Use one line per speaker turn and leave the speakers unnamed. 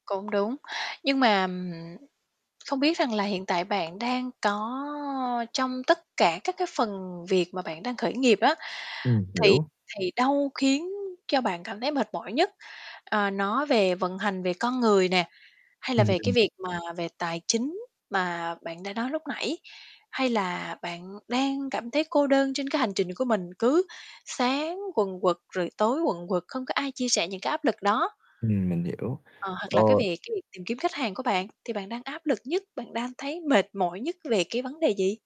Cũng đúng. Nhưng mà, ừm, không biết rằng là hiện tại bạn đang có trong tất cả các cái phần việc mà bạn đang khởi nghiệp á,
Ừm,
thì
hiểu.
thì đâu khiến cho bạn cảm thấy mệt mỏi nhất? Ờ, nó về vận hành, về con người nè, hay là
Ừm,
về cái
ừm.
việc mà về tài chính mà bạn đã nói lúc nãy, hay là bạn đang cảm thấy cô đơn trên cái hành trình của mình, cứ sáng quần quật rồi tối quần quật, không có ai chia sẻ những cái áp lực đó?
Ừm, mình hiểu,
Ờ, hoặc là cái
ờ
về cái tìm kiếm khách hàng của bạn thì bạn đang áp lực nhất, bạn đang thấy mệt mỏi nhất về cái vấn đề gì?